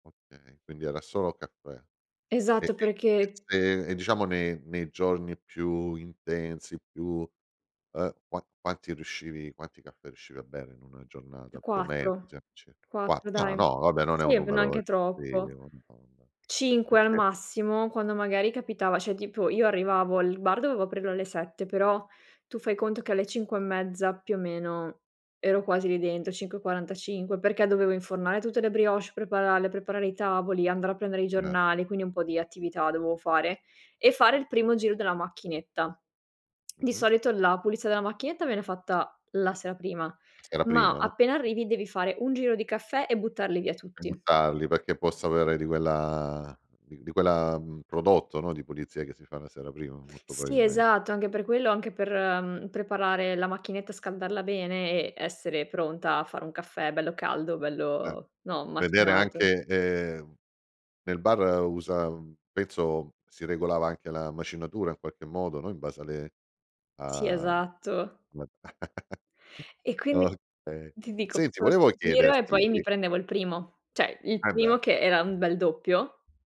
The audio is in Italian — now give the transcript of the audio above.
Okay, quindi era solo caffè. E Esatto, e e perché se e diciamo ne nei giorni più intensi, più, ehm, qua quanti riuscivi quanti caffè riuscivi a bere in una Eh, giornata più o meno così 4. [unintelligible] qua 4 ah dai. no vabbè, non è un Sì, numero e neanche sì troppo. non. [unintelligible] 5 al Eh-eh. massimo, quando magari capitava cioè tipo io arrivavo al bar, dovevo aprirlo alle 7, però tu fai conto che alle 5 e mezza più o meno ero quasi lì dentro, 5.45, perché dovevo infornare tutte le brioches, prepararle, preparare i tavoli, andare a prendere i N giornali, quindi un po' di attività dovevo fare, e fare il primo giro della macchinetta. Di Mh-mh. solito la pulizia della macchinetta viene fatta la sera prima, Era ma prima, no. appena arrivi devi fare un giro di caffè e buttarli via E tutti. buttarli perché possa avere di quella di di quella, mhmm, prodotto, no, di pulizia che si fa la sera prima molto Sì, probabilme esatto, anche per quello, anche per, mhmm, preparare la macchinetta, scaldarla bene e essere pronta a fare un caffè bello caldo, Eh, bello, no, vedere macinato. anche ehm, nel bar usa un penso si regolava anche la macinatura in qualche modo, no, in base a le Sì, a mhmm, esatto. [unintelligible] E quindi okay. ti dico, Senti facevo questo volevo sto giro e chiederti poi mi sì. prendevo il primo. Cioè, il E beh. primo che era un bel doppio,